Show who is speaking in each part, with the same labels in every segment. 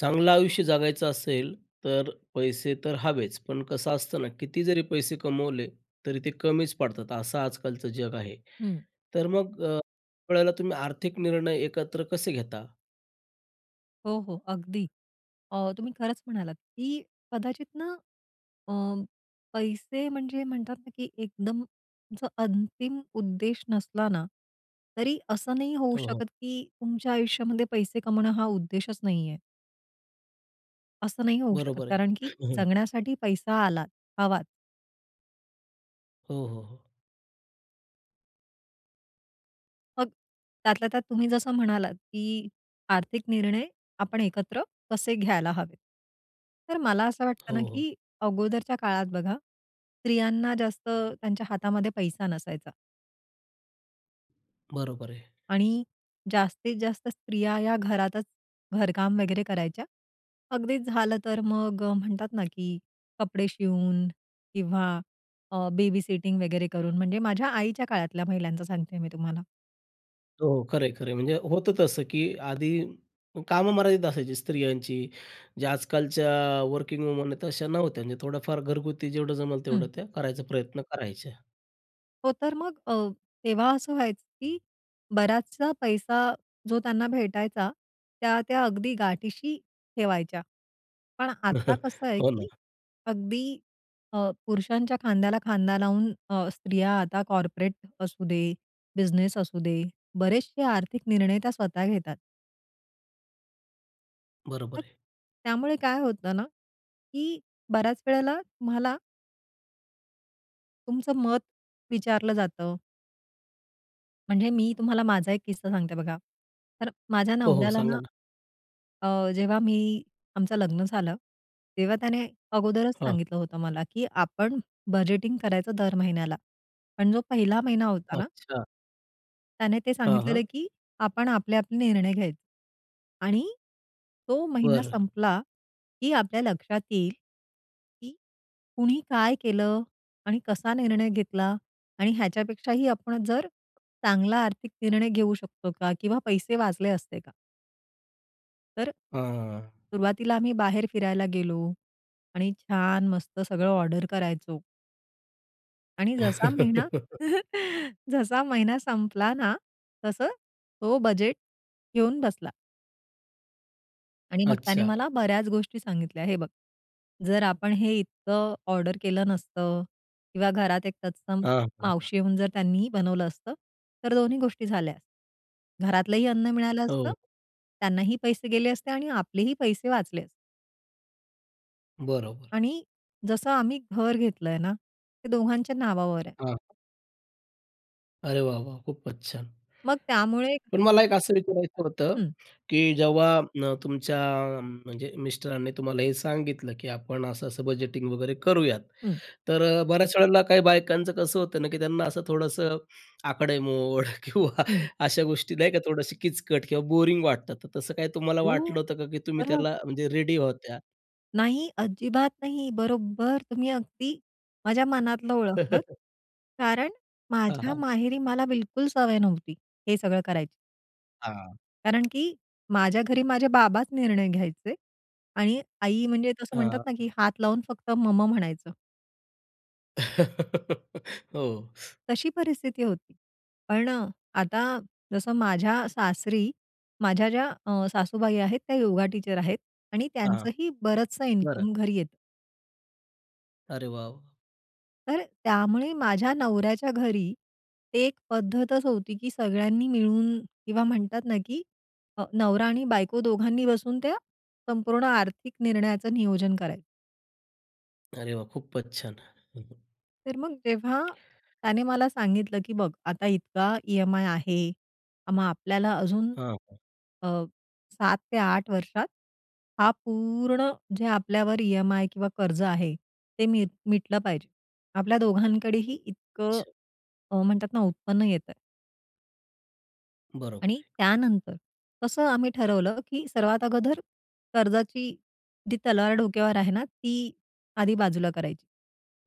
Speaker 1: चांगलं आयुष्य जगायचं असेल तर पैसे तर हवेच पण कसं असतं ना किती जरी पैसे कमवले तरी ते कमीच पडतात, असं आज-कालचं जग आहे.
Speaker 2: हं.
Speaker 1: तर मग अ, वेळेला तुम्ही आर्थिक निर्णय एकत्र कसे घेता?
Speaker 2: हो, हो अगदी. अ, तुम्ही खरंच म्हणालात की कदाचित ना अ, पैसे म्हणजे म्हणतात ना की एकदम जो अंतिम उद्देश नसला ना तरी असं नाही होऊ
Speaker 1: हो, हो.
Speaker 2: शकत की तुमच्या आयुष्यामध्ये पैसे कमावणं हा उद्देशच नाहीये. असं नाही होऊ शकत
Speaker 1: बरोबर आहे.
Speaker 2: कारण की जगण्यासाठी पैसा आलाच, हवाच.
Speaker 1: हो, हो, हो.
Speaker 2: मग त्यातल्या त्यात तुम्ही जसं म्हणालात, की आर्थिक निर्णय आपण एकत्र कसे घ्यायला हवेत. तर मला असं
Speaker 1: हो,
Speaker 2: वाटतं ना,
Speaker 1: हो.
Speaker 2: की अगोदरच्या काळात बघा स्त्रियांना जास्त त्यांच्या हातामध्ये पैसा नसायचा.
Speaker 1: बरोबर आहे.
Speaker 2: आणि जास्तीत जास्त स्त्रिया ह्या घरातच घरकाम वगैरे करायच्या. अगदीच झालं तर मग अ, म्हणतात ना, की कपडे शिवून किंवा अ, बेबीसिटिंग वगैरे करून म्हणजे माझ्या आईच्या काळातल्या महिलांचं सांगते मी तुम्हाला.
Speaker 1: हो, हो. खरंय-खरंय म्हणजे होतं तसं की आधी कामं मर्यादित असायची स्त्रियांची. जे आज-कालच्या वर्किंग वुमन आहेत अशा नव्हत्या म्हणजे थोडंफार घरगुती जेवढं जमेल तेवढं
Speaker 2: हं.
Speaker 1: त्या करायचा प्रयत्न करायच्या.
Speaker 2: हो तर मग अ, तेव्हा असं व्हायचं की बराचसा पैसा जो त्यांना भेटायचा त्या-त्या अगदी गाठीशी ठेवायच्या. पण आता कसं आहे
Speaker 1: हो ना.
Speaker 2: की अगदी अ, पुरुषांच्या खांद्याला खांदा लावून अ, स्त्रिया आता कॉर्पोरेट असू दे, बिझनेस असू दे, बरेचसे आर्थिक निर्णय त्या स्वतः घेतात.
Speaker 1: बरोबर
Speaker 2: मग
Speaker 1: आहे.
Speaker 2: त्यामुळे काय होतं ना, की बऱ्याच वेळेला तुम्हाला तुमचं मत विचारलं जातं. म्हणजे मी तुम्हाला माझा एक किस्सा सांगते बघा. तर माझ्या
Speaker 1: हो, हो,
Speaker 2: नवऱ्याला
Speaker 1: सांगा
Speaker 2: ना
Speaker 1: ना?
Speaker 2: अ, जेव्हा मी आमचं लग्न झालं, तेव्हा त्याने अगोदरच
Speaker 1: हां.
Speaker 2: सांगितलं होतं मला, की "आपण बजेटिंग करायचं दर महिन्याला." पण जो पहिला महिना होता ना
Speaker 1: अच्छा.
Speaker 2: त्याने ते
Speaker 1: हां,
Speaker 2: सांगितलेलं,
Speaker 1: हां.
Speaker 2: की "आपण आपले-आपले निर्णय घ्यायचे आणि तो महिना
Speaker 1: बरं.
Speaker 2: संपला, की आपल्या लक्षात येईल, की कुणी काय केलं आणि कसा निर्णय घेतला आणि ह्याच्यापेक्षाही आपण जर चांगला आर्थिक निर्णय घेऊ शकतो का? किंवा पैसे वाचले असते का?" तर
Speaker 1: हां.
Speaker 2: सुरुवातीला आम्ही बाहेर फिरायला गेलो आणि छान मस्त सगळं ऑर्डर करायचो. आणि जसा महिना जसा महिना संपला ना, तसं तो बजेट घेऊन बसला. आणि मग त्याने
Speaker 1: अच्छा.
Speaker 2: मला बऱ्याच गोष्टी सांगितल्या, "हे बघ, जर आपण हे इतकं ऑर्डर केलं नसतं किंवा घरात एक तत्सम
Speaker 1: आ, हां.
Speaker 2: मावशी येऊन जर त्यांनी बनवलं असतं, तर दोन्ही गोष्टी झाल्या. घरातलंही अन्न मिळालं असतं,
Speaker 1: हो.
Speaker 2: त्यांनाही पैसे गेले असते आणि आपलेही पैसे वाचले असते."
Speaker 1: बरोबर.
Speaker 2: आणि जसं आम्ही घर घेतलंय ना, ते दोघांच्या नावावर आहे.
Speaker 1: हां. अरे वाह, वाह, खूपच छान!
Speaker 2: मग त्यामुळे.
Speaker 1: पण मला एक असं विचारायचं होतं,
Speaker 2: हं.
Speaker 1: की जेव्हा तुमच्या म्हणजे मिस्टरांनी तुम्हाला हे सांगितलं, की आपण असं-असं बजेटिंग वगैरे करूयात,
Speaker 2: हं.
Speaker 1: तर अ, बऱ्याच वेळेला काही बायकांचं कसं होतं ना, की त्यांना असं थोडंसं आकडेमोड किंवा
Speaker 2: हं.
Speaker 1: अशा गोष्टी, नाही का, थोडीशी किचकट किंवा बोरिंग वाटतात. तर तसं काही तुम्हाला
Speaker 2: हो!
Speaker 1: वाटलं होतं का? की तुम्ही
Speaker 2: बरं.
Speaker 1: त्याला म्हणजे रेडी होत्या?
Speaker 2: नाही. अजिबात नाही. बरोबर. तुम्ही अगदी माझ्या मनातलं ओळखलत. कारण
Speaker 1: हां,
Speaker 2: माझ्या
Speaker 1: हां.
Speaker 2: माहेरी मला बिलकुल सवय नव्हती हे सगळं करायची.
Speaker 1: हां.
Speaker 2: कारण की माझ्या घरी माझे बाबाच निर्णय घ्यायचे. आणि आई म्हणजे तसं म्हणतात ना, की
Speaker 1: हां.
Speaker 2: हात लावून फक्त "मम" म्हणायचं.
Speaker 1: हो.
Speaker 2: तशी परिस्थिती होती. पण अ, आता जसं माझ्या सासरी, माझ्या ज्या अ, सासूबाई आहेत त्या योगा टीचर आहेत. आणि
Speaker 1: हां, हां.
Speaker 2: त्यांचंही बरंचसं
Speaker 1: बरं.
Speaker 2: इन्कम घरी येतं.
Speaker 1: अरे वाह!
Speaker 2: तर त्यामुळे माझ्या नवऱ्याच्या घरी एक पद्धतच होती, की सगळ्यांनी मिळून किंवा म्हणतात ना की अ, नवरा आणि बायको दोघांनी बसून त्या, संपूर्ण आर्थिक निर्णयाचं नियोजन करायचं.
Speaker 1: अरे वाह! खूपच छान. हं हं.
Speaker 2: तर मग जेव्हा त्याने मला सांगितलं की "बघ आता इतका ई-एम-आय आहे. मग आपल्याला अजून
Speaker 1: हां.
Speaker 2: अ, 7 ते 8 वर्षात हा पूर्ण जे आपल्यावर ई-एम-आय किंवा कर्ज आहे ते मी मिटलं पाहिजे. आपल्या दोघांकडेही इतकं"
Speaker 1: अच्छा.
Speaker 2: म्हणतात ना "उत्पन्न येतंय."
Speaker 1: बरोबर
Speaker 2: आणि
Speaker 1: आहे.
Speaker 2: त्यानंतर तसं आम्ही ठरवलं, की सर्वात अगोदर कर्जाची जी तलवार डोक्यावर आहे ना, ती आधी बाजूला करायची.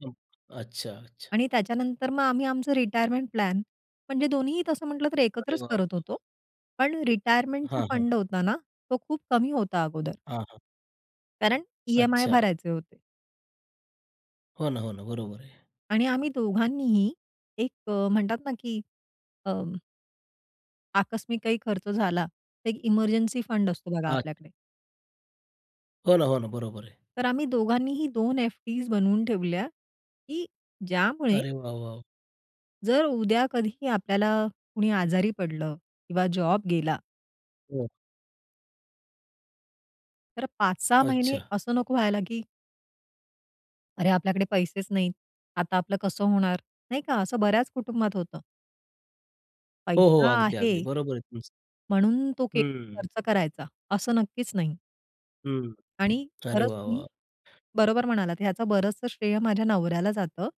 Speaker 1: अं, अच्छा, अच्छा.
Speaker 2: आणि त्याच्यानंतर मग आम्ही आमचं रिटायरमेंट प्लॅन म्हणजे दोन्हीही तसं म्हटलं, तर
Speaker 1: अरे
Speaker 2: एकत्रच
Speaker 1: वाह,
Speaker 2: करत
Speaker 1: वाह!
Speaker 2: होतो. पण रिटायरमेंटचा
Speaker 1: हां, हां.
Speaker 2: फंड होता ना, तो खूप कमी होता अगोदर.
Speaker 1: हां, हां
Speaker 2: कारण ई-एम-आय
Speaker 1: अच्छा.
Speaker 2: भरायचे होते.
Speaker 1: हो ना, हो ना. बरोबर आहे.
Speaker 2: आणि आम्ही दोघांनीही एक अ, म्हणतात ना, की अं आकस्मिक काही खर्च झाला, तर एक इमर्जन्सि फंड असतो बघा
Speaker 1: अच्छा.
Speaker 2: आपल्याकडे.
Speaker 1: हो ना, हो ना. बरोबर आहे.
Speaker 2: तर आम्ही दोघांनीही 2 एफडीस बनवून ठेवल्या, की ज्यामुळे
Speaker 1: अरे वाह! वाह!
Speaker 2: जर उद्या कधीही आपल्याला, कुणी आजारी पडलं किंवा जॉब गेला
Speaker 1: हं.
Speaker 2: तर 5, 6 महिने
Speaker 1: अच्छा.
Speaker 2: असं नको व्हायला की अरे आपल्याकडे पैसेच नाहीत. आता आपलं कसं होणार, नाही का. असं बऱ्याच कुटुंबात होतं.
Speaker 1: हो, हो.
Speaker 2: पैसा
Speaker 1: अगदी,
Speaker 2: आहे
Speaker 1: अगदी. बरोबर आहे तुमचं.
Speaker 2: म्हणून तो के
Speaker 1: हम्म.
Speaker 2: खर्च करायचा असं नक्कीच नाही.
Speaker 1: हं,
Speaker 2: आणि
Speaker 1: अरे
Speaker 2: खरंच
Speaker 1: वाह!
Speaker 2: तुम्ही
Speaker 1: वाह!
Speaker 2: बरोबर म्हणालात ह्याचं बरंचसं श्रेय माझ्या नवऱ्याला जातं.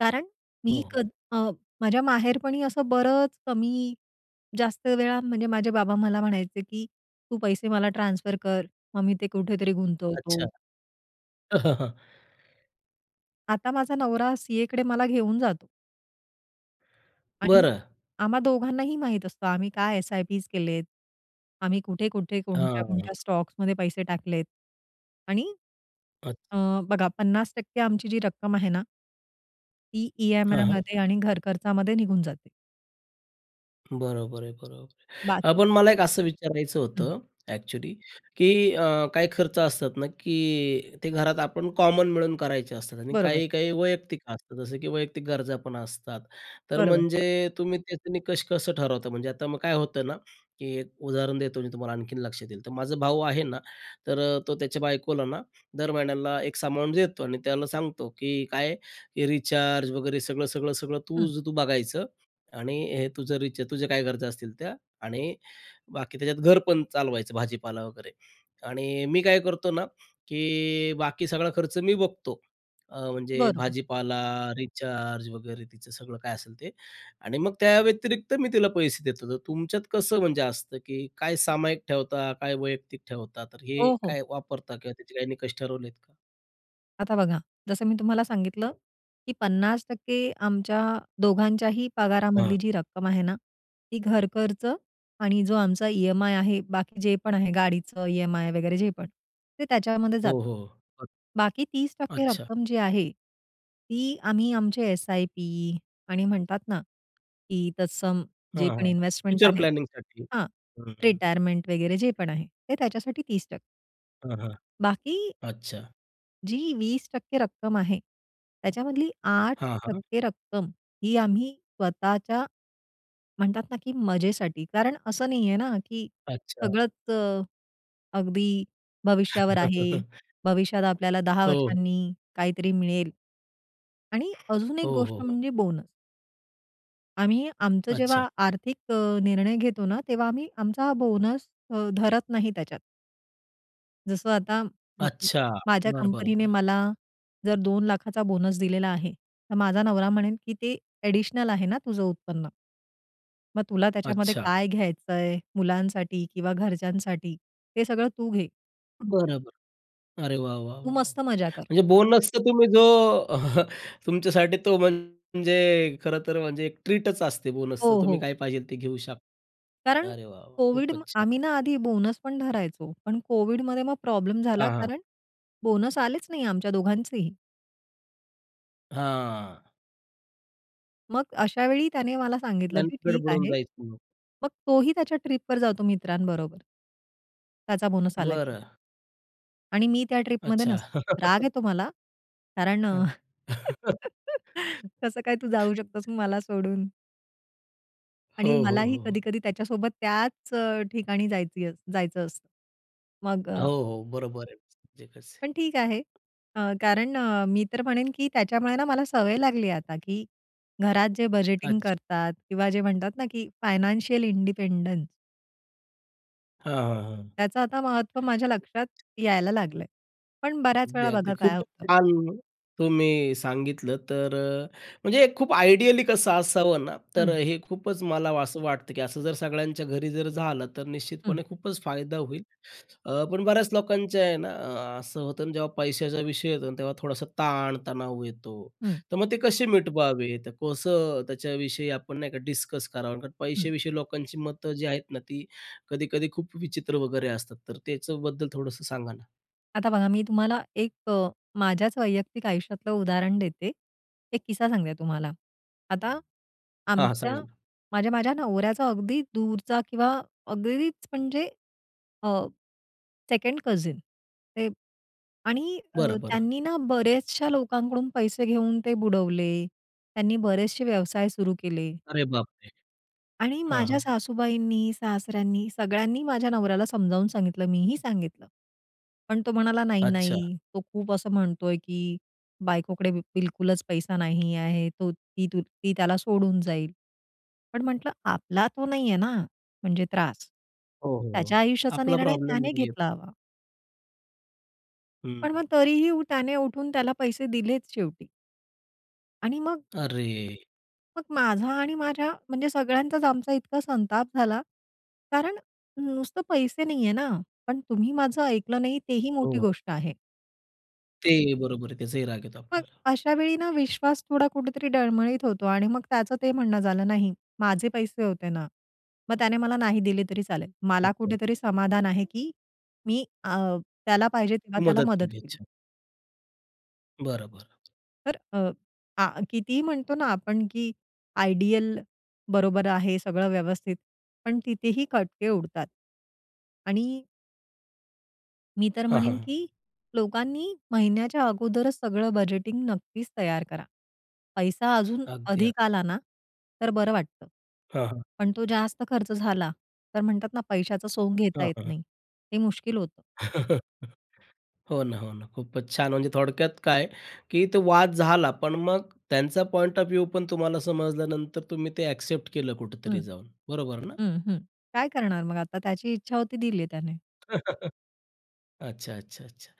Speaker 2: कारण मी क
Speaker 1: हं.
Speaker 2: अ, माझ्या माहेरपणी असं बरंच कमी-जास्त वेळा म्हणजे माझे बाबा मला म्हणायचे की, "तू पैसे मला ट्रान्सफर कर. मग मी ते कुठेतरी गुंतवतो."
Speaker 1: अच्छा.
Speaker 2: आता माझा नवरा सीएकडे मला घेऊन जातो. आणि
Speaker 1: बरं.
Speaker 2: आम्हा दोघांनाही माहीत असतं आम्ही काय एस-आय-पीस केलेत. आम्ही कुठे-कुठे
Speaker 1: हां.
Speaker 2: कोणत्या-कोणत्या स्टॉक्समध्ये पैसे टाकलेत आणि
Speaker 1: अच्छ
Speaker 2: अ, बघा 50% आमची जी रक्कम आहे ना ती
Speaker 1: हां, हां.
Speaker 2: ई-एम-आयमध्ये आणि घरखर्चामध्ये निघून जाते.
Speaker 1: बरोबर आहे, बरोबर आहे. अ,
Speaker 2: बाकी
Speaker 1: पण मला एक असं विचारायचं
Speaker 2: हं.
Speaker 1: होतं, ॲक्चुअली की अ, काही खर्च असतात ना, की ते घरात आपण कॉमन मिळून करायचे असतात आणि
Speaker 2: बरोबर.
Speaker 1: काही-काही वैयक्तिक असतात. जसं की वैयक्तिक गरजा पण असतात. तर
Speaker 2: बरोबर.
Speaker 1: म्हणजे तुम्ही त्याचं निकष कसं ठरवता म्हणजे? आता मग काय होतं ना, की एक उदाहरण देतो मी तुम्हाला आणखीन लक्षात येईल. तर माझा भाऊ आहे ना तर अ, तो त्याच्या बायकोलाना दर महिन्याला एक्स अमाऊंट देतो आणि त्याला सांगतो की काय? की "रिचार्ज वगैरे सगळं, सगळं, सगळं
Speaker 2: हं.
Speaker 1: तुझं तू बघायचं आणि हे तुझं रिचार्ज तुझे काय गरजा असतील त्या आणि बाकी त्याच्यात घर पण चालवायचं भाजी-पाला वगैरे." आणि मी काय करतो ना की बाकी सगळा खर्च मी बघतो, अ, म्हणजे
Speaker 2: बरोबर.
Speaker 1: भाजी-पाला, रिचार्ज वगैरे तिचं सगळं काय असेल ते आणि मग त्याव्यतिरिक्त मी तिला पैसे देत होतो. तुमच्यात कसं म्हणजे असतं की काय सामायिक ठेवता, काय वैयक्तिक ठेवता? तर हे
Speaker 2: हो, हो.
Speaker 1: काय वापरता किंवा त्याचे काही निकष ठरवलेत का?
Speaker 2: आता बघा जसं मी तुम्हाला सांगितलं की 50% आमच्या दोघांच्याही
Speaker 1: हां.
Speaker 2: पगारामधली जी रक्कम आहे ना, ती घर खर्च आणि जो आमचा ई-एम-आय आहे. बाकी जे पण आहे गाडीचं ई-एम-आय वगैरे जे पण ते त्याच्यामध्ये
Speaker 1: हो,
Speaker 2: जातं.
Speaker 1: हो.
Speaker 2: बाकी 30%
Speaker 1: अच्छा.
Speaker 2: रक्कम जी आहे ती आम्ही आमचे एस-आय-पी आणि म्हणतात ना, की तत्सम
Speaker 1: हां,
Speaker 2: जे पण
Speaker 1: हां.
Speaker 2: इन्व्हेस्टमेंट
Speaker 1: फ्युचर
Speaker 2: आहेत
Speaker 1: प्लॅनिंगसाठी
Speaker 2: हां,
Speaker 1: हं.
Speaker 2: रिटायरमेंट वगैरे जे पण आहे ते त्याच्यासाठी 30%
Speaker 1: हां, हां.
Speaker 2: बाकी
Speaker 1: अच्छा.
Speaker 2: जी 20% रक्कम आहे त्याच्यामधली आठ
Speaker 1: हां, हां.
Speaker 2: टक्के रक्कम ही आम्ही स्वतःच्या, म्हणता ना, की मजेसाठी कारण असं नाहीये ना, की
Speaker 1: अच्छा.
Speaker 2: सगळंच अ, अगदी भविष्यावर आहे. भविष्यात आपल्याला 10
Speaker 1: हो.
Speaker 2: वर्षांनी काहीतरी मिळेल. आणि अजून एक
Speaker 1: हो,
Speaker 2: गोष्ट
Speaker 1: हो, हो.
Speaker 2: म्हणजे बोनस. आम्ही आमचं
Speaker 1: अच्छा.
Speaker 2: जेव्हा आर्थिक अ, निर्णय घेतो ना तेव्हा आम्ही आमचा बोनस अ, धरत नाही त्याच्यात. जसं आता म
Speaker 1: अच्छा.
Speaker 2: माझ्या
Speaker 1: बरं, बरं,
Speaker 2: कंपनीने
Speaker 1: बरं.
Speaker 2: मला जर 2 लाखाचा बोनस दिलेला आहे. तर माझा नवरा म्हणेल की "ते ॲडिशनल आहे ना तुझं उत्पन्न." मग तुला त्याच्यामध्ये
Speaker 1: अच्छा.
Speaker 2: काय घ्यायचंय, मुलांसाठी किंवा घरच्यांसाठी हे सगळं तू घे.
Speaker 1: बरं-बरं. अरे, वाह! वाह!
Speaker 2: तू
Speaker 1: वाह!
Speaker 2: मस्त मज्जा कर.
Speaker 1: म्हणजे बोनसचा तुम्ही जो अ, तुमच्यासाठी तो म्हणजे खरं तर म्हणजे एक ट्रीटच असते. बोनसचं
Speaker 2: हो,
Speaker 1: तुम्ही
Speaker 2: हो.
Speaker 1: काय पाहिजेल ते घेऊ शकता?
Speaker 2: कारण
Speaker 1: अरे, वाह! वाह!
Speaker 2: कोविड म्
Speaker 1: खूपच छान.
Speaker 2: आम्ही ना आधी बोनस पण धरायचो. पण कोविडमध्ये मग प्रॉब्लेम झाला
Speaker 1: हां, हां.
Speaker 2: कारण बोनस आलेच नाही आमच्या दोघांचेही.
Speaker 1: हां.
Speaker 2: मग अशावेळी त्याने मला सांगितलं
Speaker 1: गणित
Speaker 2: की ठीक
Speaker 1: गडबडून
Speaker 2: आहे.
Speaker 1: जायचं मग?
Speaker 2: मग तोही त्याच्या ट्रिपवर जातो मित्रांबरोबर त्याचा बोनस आला की.
Speaker 1: बरं.
Speaker 2: आणि मी त्या ट्रिपमध्ये
Speaker 1: अच्छा.
Speaker 2: नसते. राग येतो मला. कारण
Speaker 1: हं.
Speaker 2: कसं काय तू जाऊ शकतोस मला सोडून? आणि
Speaker 1: हो, हो,
Speaker 2: मलाही
Speaker 1: हो.
Speaker 2: कधी-कधी त्याच्यासोबत त्याच अ, ठिकाणी जायचंही जायचं असतं. मग अ
Speaker 1: हो, हो. बरोबर आहे. म्हणजे कसं आहे.
Speaker 2: पण ठीक आहे अ, कारण अ, मी तर म्हणेन, की त्याच्यामुळे ना मला सवय लागली आहे आता, की घरात जे बजेटिंग
Speaker 1: अच्छा.
Speaker 2: करतात किंवा जे म्हणतात ना की फायनान्शियल इंडिपेंडन्स
Speaker 1: हां, हां, हां.
Speaker 2: त्याचं आता महत्त्व माझ्या लक्षात यायला लागलंय. पण बऱ्याच
Speaker 1: अगदी
Speaker 2: वेळा
Speaker 1: अगदी.
Speaker 2: बघा काय
Speaker 1: खूप
Speaker 2: होतं.
Speaker 1: छान तुम्ही सांगितलं. तर अ, म्हणजे खूप आयडियली कसं असावं ना. तर
Speaker 2: हं.
Speaker 1: हे खूपच मला असं वाटतं, की असं जर सगळ्यांच्या घरी जर झालं तर
Speaker 2: हं.
Speaker 1: निश्चितपणे खूपच फायदा होईल. अ, पण बऱ्याच लोकांचे आहे ना असं होतं, जेव्हा पैशाचा विषय येतो तेव्हा थोडासा ताण-तणाव येतो.
Speaker 2: हं.
Speaker 1: तर मग ते कसे मिटवावे? तर कसं त्याच्याविषयी आपण नाही का डिस्कस करावं? कारण
Speaker 2: हं.
Speaker 1: पैश्याविषयी लोकांची मतं जी आहेत ना ती कधी-कधी खूप विचित्र वगैरे असतात. तर त्याच्याबद्दल थोडंसं सांगा ना?
Speaker 2: आता बघा, मी तुम्हाला एक अ, माझ्याच वैयक्तिक आयुष्यातलं उदाहरण देते. एक किस्सा सांगते तुम्हाला. आता
Speaker 1: हां.
Speaker 2: आमच्या,
Speaker 1: सांगा ना.
Speaker 2: माझ्या, माझ्या नवऱ्याचा अगदी दूरचा किंवा अगदीच म्हणजे अ, 2nd कझिन ते. आणि
Speaker 1: बरं,
Speaker 2: अ,
Speaker 1: बरं.
Speaker 2: त्यांनी ना बऱ्याचशा लोकांकडून पैसे घेऊन ते बुडवले. त्यांनी बरेचसे व्यवसाय सुरू केले.
Speaker 1: अरे बापरे!
Speaker 2: आणि
Speaker 1: हां
Speaker 2: माझ्या
Speaker 1: हां.
Speaker 2: सासूबाईंनी, सासऱ्यांनी सगळ्यांनी माझ्या नवऱ्याला समजावून सांगितलं, मीही सांगितलं. पण तो म्हणाला "नाही,
Speaker 1: अच्छा.
Speaker 2: नाही तो खूप असं म्हणतोय, की बायकोकडे बिलकुलच पैसा नाही आहे. तो, ती, ती त्याला सोडून जाईल." पण म्हटलं "आपला तो नाही आहे ना, म्हणजे त्रास."
Speaker 1: ओहो.
Speaker 2: त्याच्या आयुष्याचा
Speaker 1: आपला
Speaker 2: निर्णय
Speaker 1: प्रॉब्लेम
Speaker 2: त्याने
Speaker 1: नाहीये.
Speaker 2: घेतला हवा.
Speaker 1: हं.
Speaker 2: पण मग तरीही त्याने उठून त्याला पैसे दिलेच शेवटी. आणि मग
Speaker 1: अरे!
Speaker 2: मग माझा आणि माझ्या म्हणजे सगळ्यांचाच आमचा इतका संताप झाला. कारण नुसतं पैसे नाही आहे ना, पण तुम्ही माझं ऐकलं नाही, तेही मोठी
Speaker 1: हो.
Speaker 2: गोष्ट आहे.
Speaker 1: ते बरोबर आहे, त्याचाही राग येतो
Speaker 2: मग
Speaker 1: आपल्याला.
Speaker 2: अशा वेळी ना विश्वास थोडा कुठेतरी डळमळीत होतो. आणि मग त्याचं ते म्हणणं झालं, "नाही माझे पैसे होते ना. मग त्याने मला नाही दिले तरी चालेल. मला
Speaker 1: अच्छा.
Speaker 2: कुठेतरी समाधान आहे, की मी अ, त्याला पाहिजे तेव्हा त्याला
Speaker 1: मदत
Speaker 2: मदत
Speaker 1: केली.
Speaker 2: केली."
Speaker 1: अच्छा. बरं, बरं.
Speaker 2: तर अ, आह, कितीही म्हणतो ना आपण, की आयडियल बरोबर आहे सगळं व्यवस्थित. पण तिथेही खटके उडतात. आणि मी तर
Speaker 1: हां, हां,
Speaker 2: म्हणेन
Speaker 1: हां.
Speaker 2: की लोकांनी महिन्याच्या अगोदरच सगळं बजेटिंग नक्कीच तयार करा. पैसा अजून
Speaker 1: अगदी, अग
Speaker 2: अधिक आला ना तर बरं वाटतं.
Speaker 1: हां, हां.
Speaker 2: पण तो जास्त खर्च झाला, तर म्हणतात ना "पैशाचं सोंग घेता
Speaker 1: हां,
Speaker 2: येत
Speaker 1: हां.
Speaker 2: नाही." हे मुश्किल होतं.
Speaker 1: हो ना, हो ना. खूपच छान म्हणजे थोडक्यात काय की तो वाद झाला, पण मग त्यांचा पॉइंट ऑफ व्ह्यू पण तुम्हाला समजल्यानंतर तुम्ही ते एक्सेप्ट केलं
Speaker 2: हं.
Speaker 1: कुठेतरी जाऊन, बरोबर ना?
Speaker 2: हं, हं. काय करणार मग आता? त्याची इच्छा होती दिले त्याने.
Speaker 1: अच्छा, अच्छा, अच्छा.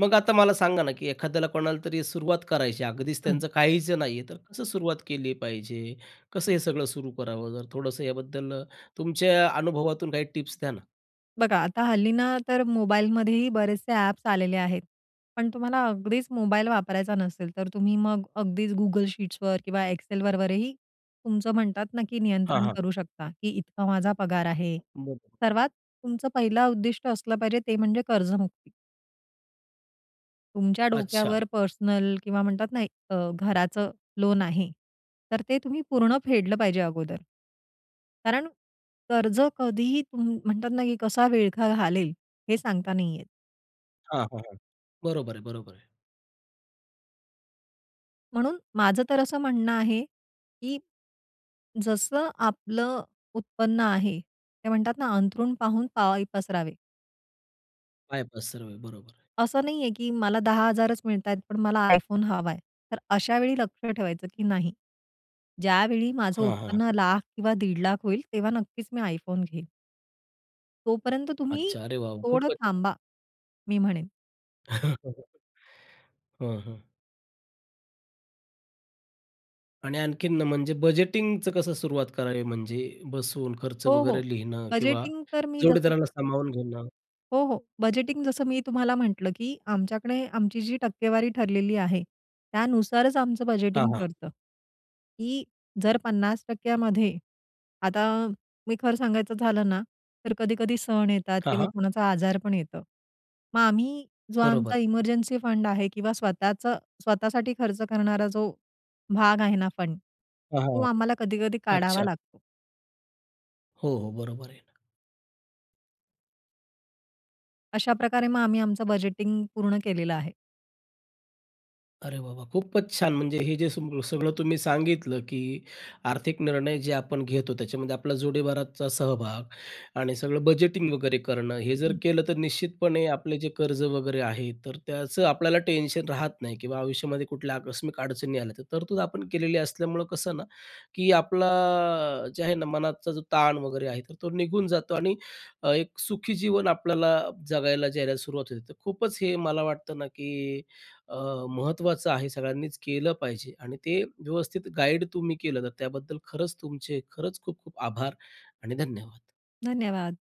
Speaker 1: मग आता मला सांगा ना, की एखाद्याला कोणाला तरी सुरुवात करायची आहे अगदीच
Speaker 2: हं.
Speaker 1: त्यांचं काहीच नाहीये तर कसं सुरुवात केली पाहिजे, कसं हे सगळं सुरू करावं? जर थोडंसं याबद्दल तुमच्या अनुभवातून काही टिप्स द्या ना.
Speaker 2: बघा, आता हल्ली ना, तर मोबाईलमध्येही बरेचसे अ‍ॅप्स आलेले आहेत. पण तुम्हाला अगदीच मोबाईल वापरायचा नसेल, तर तुम्ही मग अगदीच Google Sheetsवर किंवा Excelवर वरही तुमचं म्हणतात ना, की
Speaker 1: हां,
Speaker 2: नियंत्रण
Speaker 1: हां.
Speaker 2: करू शकता, की इतका माझा पगार आहे.
Speaker 1: बरोबर.
Speaker 2: सर्वात तुमचं पहिलं उद्दिष्ट असलं पाहिजे, ते म्हणजे कर्जमुक्ती. तुमच्या
Speaker 1: अच्छा.
Speaker 2: डोक्यावर पर्सनल किंवा म्हणतात ना, एक अ, घराचं लोन आहे, तर ते तुम्ही पूर्ण फेडलं पाहिजे अगोदर. कारण कर्ज कधीही तुं म्हणतात ना, की कसा विळखा घालेल, हे सांगता नाही येत.
Speaker 1: हां, हां, हां. बरोबर आहे, बरोबर आहे.
Speaker 2: म्हणून माझं तर असं म्हणणं आहे, की जसं आपलं उत्पन्न आहे. ते म्हणतात ना, "अंथरूण पाहून पाय पसरावे."
Speaker 1: पाय पसरावे. बरोबर आहे.
Speaker 2: असं नाही आहे, की मला 10,000च मिळतायत, पण मला iPhone हवाय. तर अशावेळी लक्ष ठेवायचं, की नाही, ज्यावेळी माझं
Speaker 1: हां, हां.
Speaker 2: उत्पन्न 1,00,000 किंवा 1,50,000 होईल, तेव्हा नक्कीच मी iPhone घेईन. तोपर्यंत तुम्ही
Speaker 1: अच्छा, अरे वॉव!
Speaker 2: थोडं
Speaker 1: खूपच
Speaker 2: थांबा मी म्हणेन.
Speaker 1: हं, हं. आणि आणखीन म्हणजे, बजेटिंगचं कसं सुरुवात करावी, म्हणजे बसून खर्च
Speaker 2: हो, हो.
Speaker 1: वगैरे लिहिणं किंवा
Speaker 2: बजेटिंग तर मी जसं
Speaker 1: जोडीदाराला सामावून घेणं?
Speaker 2: हो, हो. बजेटिंग जसं मी तुम्हाला म्हटलं, की आमच्याकडे आमची जी टक्केवारी ठरलेली आहे, त्यानुसारच आमचं
Speaker 1: हां,
Speaker 2: बजेटिंग
Speaker 1: हां.
Speaker 2: ठरतं. की जर 50% मध्ये आता मी खरं सांगायचं झालं ना, तर कधी-कधी सण येतात
Speaker 1: हां,
Speaker 2: किंवा
Speaker 1: हां.
Speaker 2: कोणाचा आजार पण येतो, मग आम्ही जो
Speaker 1: बरोबर.
Speaker 2: आमचा इमर्जन्सी फंड आहे किंवा स्वतःचं स्वतःसाठी खर्च करणारा जो भाग आहे ना फंड, तो
Speaker 1: हां,
Speaker 2: आम्हाला कधी-कधी काढावा
Speaker 1: अच्छा.
Speaker 2: लागतो.
Speaker 1: हो, हो, बरोबर आहे ना.
Speaker 2: अशाप्रकारे मग आम्ही आमचं बजेटिंग पूर्ण केलेलं आहे.
Speaker 1: अरे, वाह, वाह! खूपच छान, म्हणजे हे जे सग सगळं तुम्ही सांगितलं, की आर्थिक निर्णय जे आपण घेतो त्याच्यामध्ये आपला जोडीदाराचा सहभाग आणि सगळं बजेटिंग वगैरे करणं, हे जर
Speaker 2: हं.
Speaker 1: केलं, तर निश्चितपणे आपले जे कर्ज वगैरे आहे, तर त्याचं आपल्याला टेन्शन राहत नाही किंवा आयुष्यामध्ये कुठल्या आकस्मिक अडचणी आल्या, तर तरतूद आपण केलेली असल्यामुळं, कसं ना, की आपला जे आहे ना मनाचा जो ताण वगैरे आहे, तर तो निघून जातो आणि एक सुखी जीवन आपल्याला जगायला जायला सुरुवात होते. तर खूपच हे मला वाटतं ना, की अ, महत्त्वाचं आहे, सगळ्यांनीच केलं पाहिजे आणि ते व्यवस्थित गाईड तुम्ही केलं, तर त्याबद्दल खरंच तुमचे खरंच खूप आभार आणि धन्यवाद.
Speaker 2: धन्यवाद.